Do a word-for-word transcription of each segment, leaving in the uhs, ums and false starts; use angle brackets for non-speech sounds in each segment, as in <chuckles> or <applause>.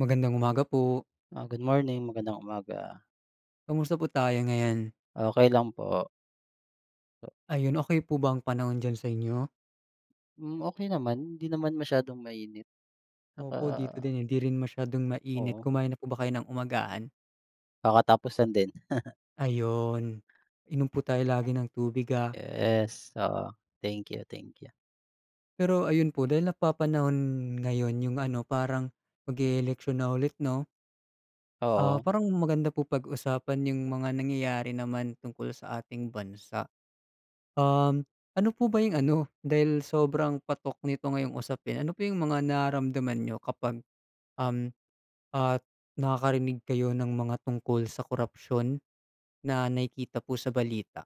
Magandang umaga po. Ah, good morning. Magandang umaga. Kamusta po tayo ngayon? Okey lang po. Ayun, okey po ba ang panahon diyan sa inyo? Hmm, okey naman. Hindi naman masyadong mainit. Tsaka Opo, dito din hindi rin masyadong mainit. Oo. Kumain na po ba kayo ng umagahan? Kakatapos lang din. <chuckles> Ayun, inom po tayo lagi ng tubig ah? Yes, oo. Thank you-thank you. Pero ayun po dahil napapanahon ngayon yung ano, parang mag e-eleksyon na ulit 'no? Ah, Oo. parang maganda po pag-usapan yung mga nangyayari naman tungkol sa ating bansa. Um, ano po ba yung ano, dahil sobrang patok nito ngayong usapin, ano po yung mga nararamdaman niyo kapag, um at nakakarinig kayo ng mga tungkol sa korapsyon na nakikita po sa balita?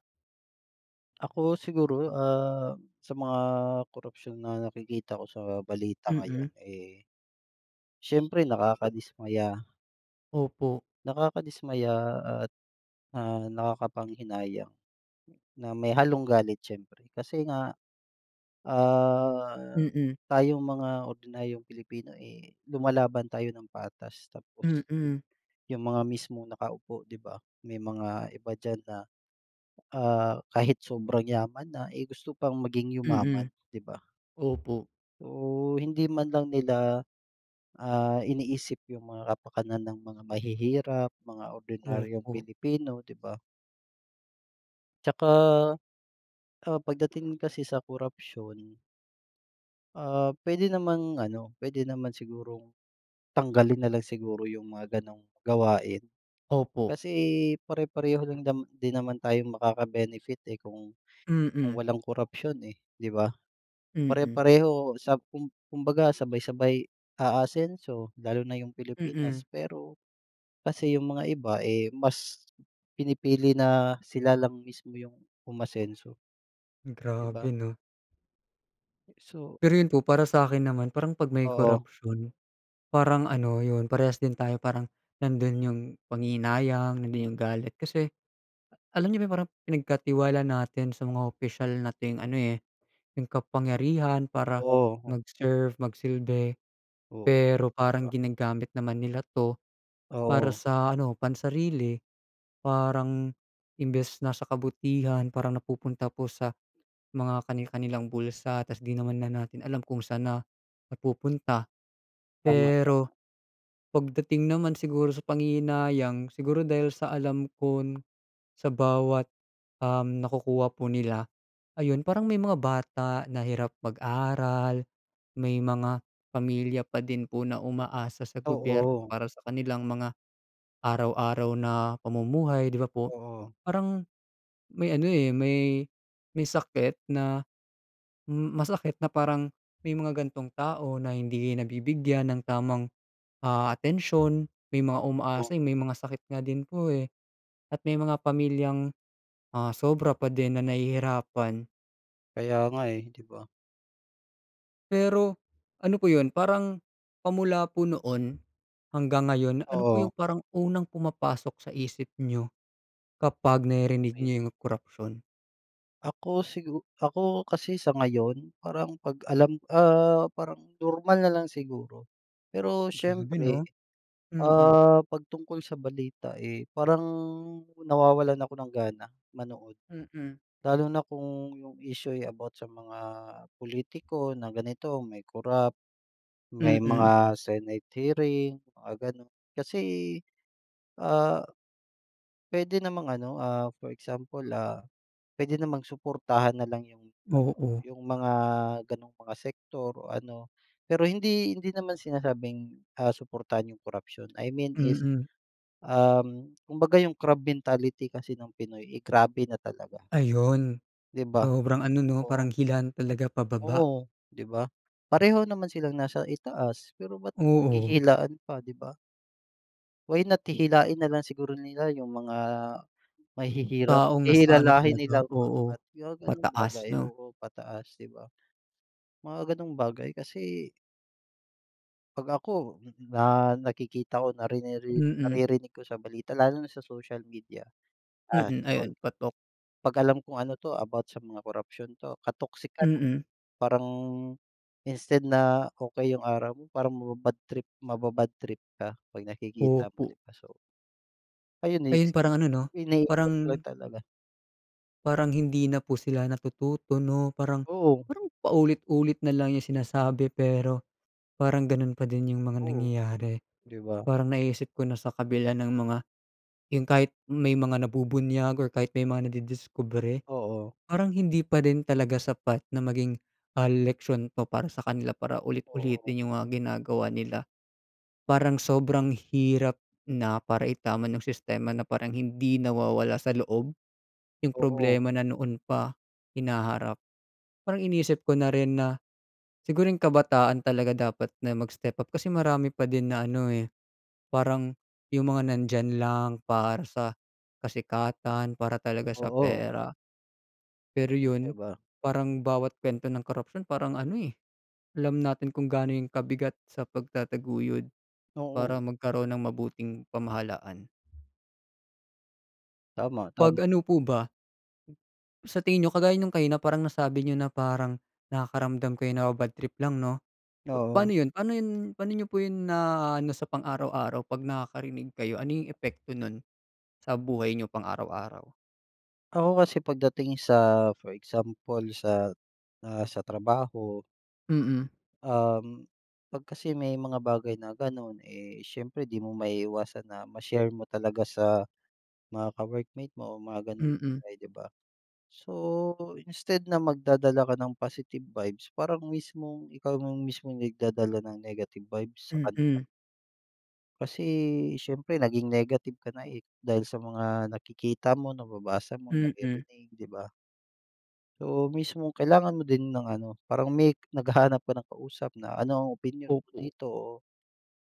Ako siguro, ah, sa mga korapsyon na nakikita ko sa balita Mm. ngayon, eh, syempre nakakadismaya. Opo. Nakakadismaya at, ah, nakakapanghinayang na may halong galit siyempre kasi nga, ah, Mm. tayong mga ordinaryong Pilipino eh lumalaban tayo ng patas. Tapos sil Mm. yung mga mismong nakaupo di ba, may mga iba diyan na, ah, kahit sobrang yaman na, eh, gusto pang maging yumaman Mm. di ba? Opo. Oh, hindi man lang nila, ah, iniisip yung mga kapakanan ng mga mahihirap, mga ordinaryong Opo. Pilipino, di ba? Tsaka, ah, pagdating kasi sa korapsyon, ah, pwede namang ano, pwede naman sigurong tanggalin nalang siguro yung mga ganung gawain. Opo. Kasi pare-pareho rin dam din naman tayong makaka-benefit eh kung kung Mm. walang korapsyon, eh, di ba? Mm. Pare-pareho sa kum kumbaga sabay-sabay aasenso lalo na yung Mm. Pilipinas. Pero kasi yung mga iba, eh, mas pinipili na sila lang mismo yung umasenso. Di ba? Grabe 'no? So Pero yun po para sa akin naman, parang 'pag may Oo. korapsiyon, parang ano, yun, parehas din tayo parang nandun yung panghihinayang, nandun yung galit. Kasi alam niyo ba yung parang pinagkatiwala natin sa mga opisyal nating ano eh, yung kapangyarihan para Oo. mag-serve, mag silbi Oo, pero di parang ba? ginagamit naman nila 'to para Oo. sa ano, pansarili. Parang imbes na sa kabutihan, parang napupunta po sa mga kani-kanilang bulsa. Tas 'di naman na natin alam kung san na napupunta. Pero Tama-tama. pagdating naman siguro sa panghihinayang, siguro dahil sa alam kon sa bawat, um, nakukuha po nila. Ayun, parang may mga bata na hirap mag-aral, may mga pamilya pa din po na umaasa sa gobyerno Oo. para sa kanilang mga araw-araw na pamumuhay di ba po? Oh. Parang may ano eh, may may sakit na masakit na parang may mga gantong tao na hindi nabibigyan ng tamang, ah, atensyon, may mga Oo. umaasa, yung may mga sakit nga din po eh. At may mga pamilyang ah, sobra pa din na nahihirapan. Kaya nga eh, di ba? Pero ano po 'yon parang pa mula po noon hanggang ngayon, ano po Oo. yung parang unang pumapasok sa isip niyo kapag naririnig niyo yung korapsiyon? Ako, sigu ako kasi sa ngayon, parang 'pag alam, ah, parang normal na lang siguro. Pero Grabe, siyempre, 'no? Mm. ah, 'pag tungkol sa balita, eh, parang nawawalan ako ng gana manood. Mm. Lalo na kung yung issue, eh, about sa mga pulitiko na ganito, may korap, may Mm. mga Senate hearing mga ganun, kasi, ah, puwede namang ano, ah, for example, ah, puwede namang suportahan na lang yung ano, Oo. yung mga gano'ng mga sektor o ano, pero hindi hindi naman sinasabing, ah, suportahan yung korapsiyon, I mean is, Mm. um, kumbaga yung crab mentality kasi ng Pinoy ay grabe na talaga. Ayun, 'Di ba? sobrang ano 'no, Oo. parang hilaan talaga pababa. Oo, 'di ba? Pareho naman silang nasa itaas, pero ba't Oo. naghihilaan pa, 'di ba? Why not hihilain na lang siguro nila yung mga mahihirap, Taong nasa ano hihilahin talaga nilang oo, paangat yung mga gano'ng bagay. pataas 'no. Oo, pataas 'di ba? Mga gano'ng bagay kasi 'Pag ako, na nakikita ko na riniri Mm. naririnig ko sa balita, lalo na sa social media, ah, Mm, ayun example, patok. 'pag alam kung ano 'to about sa mga korapsiyon 'to, ka-toxican, eh, Mm. parang instead na okey yung araw mo, parang maba-bad trip maba-bad trip ka 'pag nakikita mo Opo. 'di ba, so ayun Ngayon naisip ko, parang ano 'no, iniisip ko parang lang talaga. parang hindi na po sila natututo 'no, parang Oo. parang paulit-ulit na lang yung sinasabi, pero parang ganun pa din yung mga Oo. nangyayari. 'Di ba? Parang naiisip ko na sa kabila ng mga yung kahit may mga nabubunyag or kahit may mga nadidiskubre, Oo. parang hindi pa rin talaga sapat na maging, ah, leksiyon pa para sa kanila para Oo. ulit-ulitin yung, ah, ginagawa nila. Parang sobrang hirap na, para itama ng sistema na parang hindi nawawala sa loob yung Oo. problema na noon pa hinaharap. Parang iniisip ko na rin na siguro yung kabataan talaga, dapat na mag-step up kasi marami pa din na ano, eh, parang yung mga nandiyan lang para sa kasikatan para talaga sa Oo. pera. Pero yun, 'Di ba? parang bawat kuwento ng korapsiyon parang ano, eh, alam natin kung gaano 'yon kabigat sa pagtataguyod Oo. para magkaroon ng mabuting pamahalaan. Tama, 'Pag tama. ano po ba Sa tingin n'yo kagaya nung kanina, parang nasabi n'yo na parang nakakaramdam kayo, naba-bad trip lang 'no. Oo. Pa'no 'yon paano 'yon pa'no n'yo po 'yon naa-ano sa pang-araw-araw, 'pag nakakarinig kayo, ano yung epekto no'n sa buhay n'yo pang araw-araw? Ako kasi pagdating sa for example sa, ah, sa trabaho. Mm. Um, 'pag kasi may mga bagay na gano'n, eh, siyempre di mo maiiwasan na ma-share mo talaga sa mga ka-workmate mo mga gano'ng Mm. bagay 'di ba? So, instead na magdadala ka ng positive vibes parang mismong ikaw yung mismong nagdadala ng negative vibes sa kanila. Mm. Kasi, siyempre naging negative ka na, eh, dahil sa mga nakikita mo, nababasa mo, Mhm. naririnig, di ba? Oo, mismo kailangan mo din ng ano, parang may naghahanap ka ng kausap na ano, opinyon mo Opo. dito o,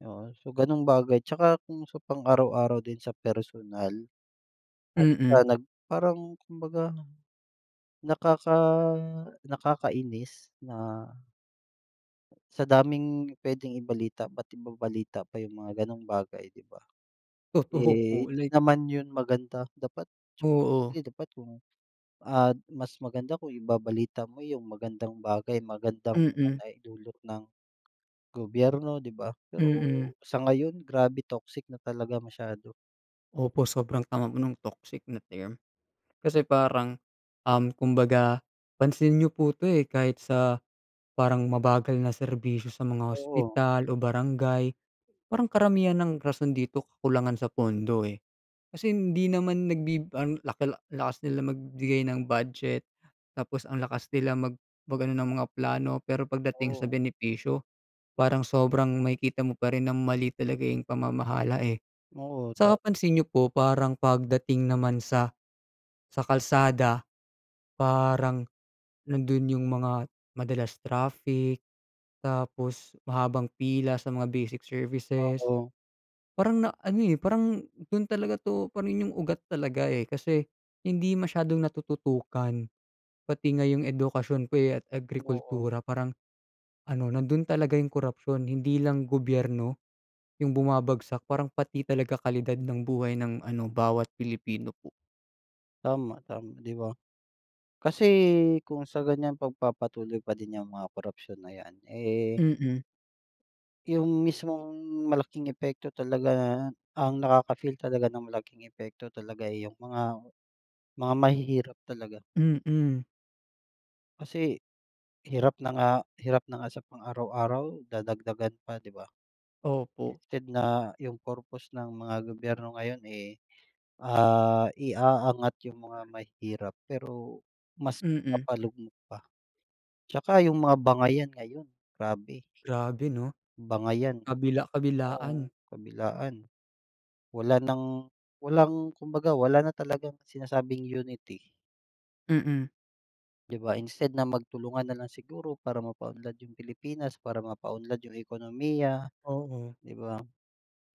oo, so gano'ng bagay tsaka kung sa pang araw-araw din sa personal at Mhm. siya nag parang kumbaga, nakaka nakakainis na sa daming puweding ibalita, ba't ibabalita pa yung mga gano'ng bagay, 'di ba? Totoo Eh, po, 'di like naman 'yon maganda, dapat Oo. siyempre, dapat kung, ah, mas maganda kung ibabalita mo yung magandang bagay magandang Mm. bagay dulot ng gobyerno 'di ba? Pero Mm. sa ngayon, grabe toxic na talaga masyado. Opo, sobrang tama po nung toxic na term. Kasi parang, um, kumbaga pansin n'yo po 'to, eh, kahit sa parang mabagal na serbisyo sa mga Oo. ospital o barangay. Parang karamihan ng rason dito, kakulangan sa pondo, eh. Kasi hindi naman nagbi ang laki, lakas nila magbigay ng budget tapos ang lakas nila mag mag-ano ng mga plano, pero pagdating sa Oo. benepisyo, parang sobrang makikita mo pa rin ng mali talaga yung pamamahala, eh. Oo. Tama. 'Tsaka pansin n'yo po parang pagdating naman sa sa kalsada, parang nandun yung mga madalas traffic, tapos mahabang pila sa mga basic services. Oo. Parang na-ano, eh, parang dun talaga 'to pa rin yung ugat talaga, eh, kasi hindi masyadong natututukan. Pati nga yung edukasyon ko, eh, at Oo. agrikultura parang ano, nandun talaga yung korapsiyon, hindi lang gobyerno yung bumabagsak, parang pati talaga kalidad ng buhay ng ano bawat Pilipino po. Tama, tama 'di ba? Kasi kung sa ganiyan, pagpapatuloy pa din 'yang mga korapsiyon na 'yan, eh Mm. Yung mismong malaking epekto talaga, ang nakaka-feel talaga ng malaking epekto talaga, eh, yung mga mga mahihirap talaga. Mm. Kasi hirap na nga hirap na nga sa pang araw-araw, dadagdagan pa, 'di ba? Opo. Instead na yung purpose ng mga gobyerno ngayon, eh, ah, iaangat yung mga mahirap, pero mas Mm. ipapalugmok pa. 'Tsaka yung mga bangayan ngayon, grabe. Grabe 'no, Bangayan, kabila-kabilaan. oo, kabilaan. Wala ng walang kumbaga wala na talagang sinasabing unity. Mm. 'Di ba instead na magtulungan na lang siguro para mapaunlad yung Pilipinas, para mapaunlad yung ekonomiya, Oo. 'di ba?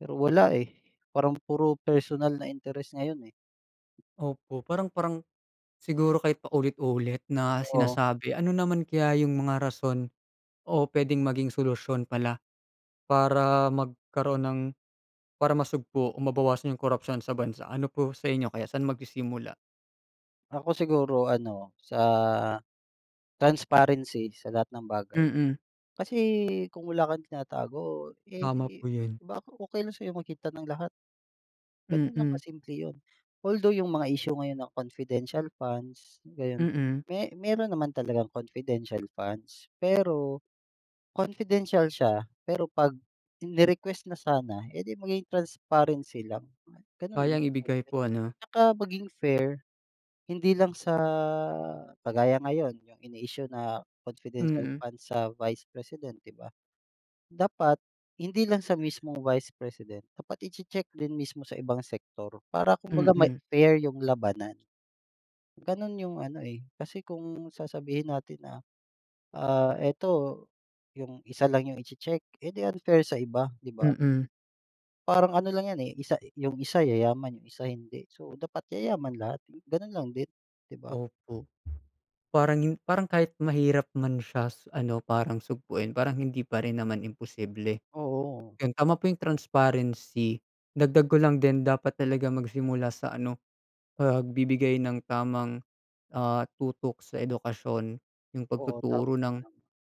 Pero wala, eh, parang puro personal na interes ngayon, eh. Opo, parang parang siguro kahit paulit-ulit na Totoo. sinasabi, ano naman kaya yung mga rason o puwedeng maging solusyon pala para magkaroon ng para masugpo o mabawasan yung korapsiyon sa bansa? Ano po sa inyo kaya, saan magsisimula? Ako, siguro ano, sa transparency sa lahat ng bagay. Mm. Kasi kung wala kang tinatago, eh, Tama po di 'yon. baka okey lang sa'yo makita ng lahat. Ganun lang Mm. kasimple 'yon. Although yung mga issue ngayon ng confidential funds, ayun. Mm. Me meron naman talagang confidential funds, pero confidential siya pero 'pag ini-request na sana, eh, di maging transparency lang, gano'n Kayang lang ibigay kasimple po, ano. 'tsaka maging fair. Hindi lang sa kagaya ngayon, yung ini-issue na confidential Mm. fund sa vice president, 'di ba? Dapat hindi lang sa mismong vice president, dapat iche-check din mismo sa ibang sektor para kumbaga may Mm. fair yung labanan. Ganun yung ano, eh, kasi kung sasabihin natin na, ah, eto yung isa lang yung iche-check, eh, di unfair sa iba, 'di ba? Mm. Parang ano lang 'yan, eh, isa yung isa yayaman, yung isa, hindi. So, dapat yayaman lahat, ganun lang din, di ba? Opo. Parang yung parang kahit mahirap man siya ano, parang sugpuin parang hindi pa rin naman imposible. Oo. 'Yon, tama po yung transparency, dagdag ko lang din dapat talaga magsimula sa ano, pagbibigay ng tamang, ah, tutok sa edukasyon. Yung Oo, tama lang. pagtuturo ng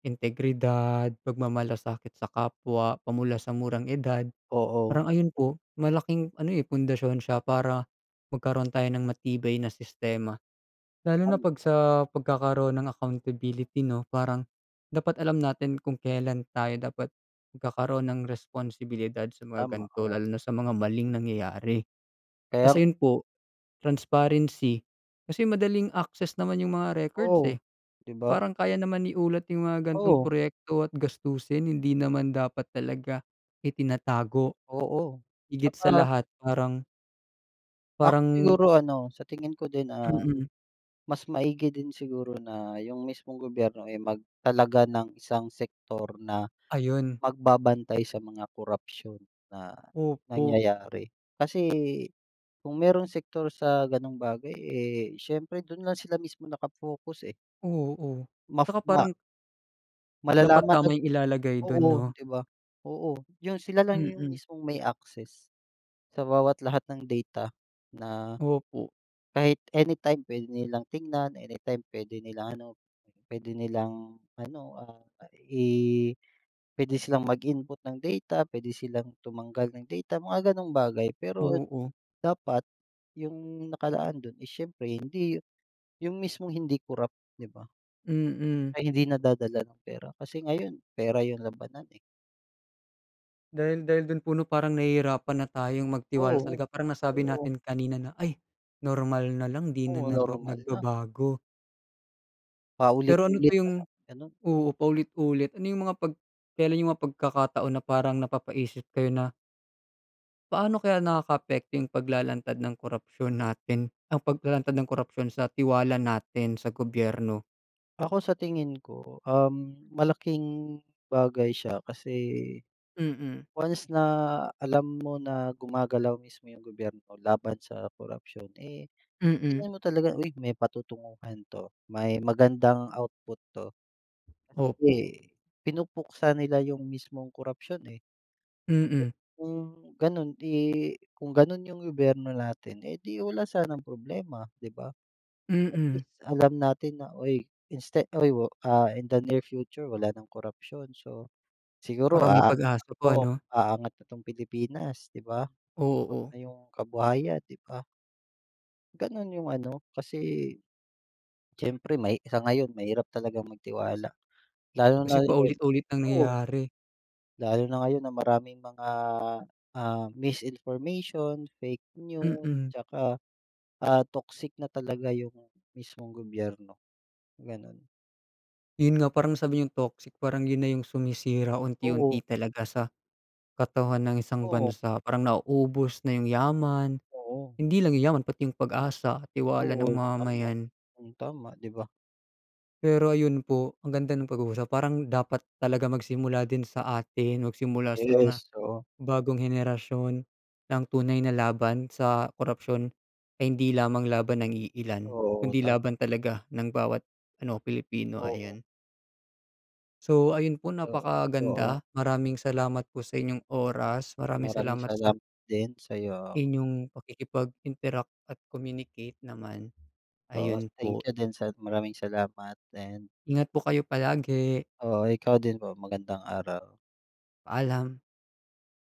integridad, pagmamalasakit sa kapwa pa mula sa murang edad. Oo. Parang ayun po, malaking ano, eh, pundasyon siya para magkaroon tayo ng matibay na sistema. Lalo na Hay naku. 'pag sa pagkakaroon ng accountability 'no, parang dapat alam natin kung kelan tayo dapat magkakaroon ng responsibilidad sa mga Tama, ganito, oo. lalo na sa mga maling nangyayari. Tas Kayang ayun po, transparency kasi madaling access naman yung mga records, Oo. eh. 'Di ba? Parang kaya naman iulat yung mga gan'tong Oo. proyekto at gastusin, hindi naman dapat talaga itinatago, Oo. higit sa 'Tsaka lahat parang Ako parang siguro ano, sa tingin ko din, ah, Mm. mas maigi din siguro na yung mismong gobyerno ay magtalaga ng isang sektor na Ayun. magbabantay sa mga korapsiyon na Opo. nangyayari. Kasi kung merong sektor sa gano'ng bagay, eh, siyempre dun lang sila mismo naka-focus, eh. Oo. Maf Tsaka ma parang Dapat Malalaman, uh, tama yung ilalagay dun oo, 'no. di ba? Oo, yun sila lang yung Mm. mismong may access. Sa bawat lahat ng data na Opo. kahit anytime puwede nilang tignan, anytime puwede nilang ano, pwede nilang ano, ah, i pwede silang mag-input ng data, pwede silang tumanggal ng data, mga gano'ng bagay, pero Oo. dapat yung nakalaan dun, eh, siyempre hindi yu yung mismong hindi korap, 'di ba? Mm. Ay, hindi nadadala ng pera, kasi ngayon pera yung labanan, eh. Dahil dahil dun po 'no, parang nahihirapan na tayong magtiwala Oo, talaga. Parang nasabi oo. natin kanina na, "Ay normal na lang, di na Oo, naba normal na. nagbabago." Pero ano Paulit-ulit pa yung parang ganun. oo, paulit-ulit. Ano yung mga pag kelan yung mga pagkakataon na parang napapaisip kayo na Paano kaya nakakaapekto yung paglalantad ng korapsiyon natin, ang paglalantad ng korapsiyon sa tiwala natin sa gobyerno? Ako, sa tingin ko, um, malaking bagay siya kasi Mm. once na alam mo na gumagalaw mismo yung gobyerno laban sa korapsiyon, eh, sa Mm. tingin mo talaga, "Uy, may patutunguhan 'to. May magandang output 'to." Kasi Opo. pinupuksa nila yung mismong korapsiyon, eh. Mm. Kung ganun, 'di kung ganun yung gobyerno natin, eh, di wala sanang problema, di ba? At Mm. least alam natin na, "Uy inste uy, ah, in the near future wala ng korapsiyon, so siguro, Parang may ah pag-asa po oo, ano. aangat na 'tong Pilipinas, 'di ba, Oo. pati yung kabuhayan, 'di ba? Ganun yung ano, kasi siyempre mahi sa ngayon mahirap talagang magtiwala. Lalo Kasi na yung paulit-ulit oo. nangyayari. Lalo na ngayon na maraming mga, ah, misinformation, fake news, Mm. tsaka, ah, toxic na talaga yung mismong gobyerno, ganun. Yun nga parang nasabi ni'yong toxic, parang yun na yung sumisira Oo. unti-unti talaga sa katawan ng isang Oo. bansa, parang nauubos na yung yaman. Oo. Hindi lang yaman pati yung pag-asa, tiwala Oo, ng tama. mamamayan. Hmm, tama, 'di ba? Pero ayun po, ang ganda ng pag-uusap parang dapat talaga magsimula din sa atin, magsimula sa mga Yes, oo. bagong henerasyon, na ang tunay na laban sa korapsiyon ay hindi lamang laban ng iilan Oo, kundi tama. laban talaga ng bawat ano, Pilipino, Oo. ayan. So, ayun po, Oo. Oo. napaka-ganda. Maraming salamat po sa inyong oras. Maraming Maraming salamat sa salamat din sa 'yo. inyong pakikipag-interact at communicate naman, Oo. ayun po. Thank you din sa maraming salamat din. Ingat po kayo palagi. Oo, ikaw din po. Magandang araw. Paalam.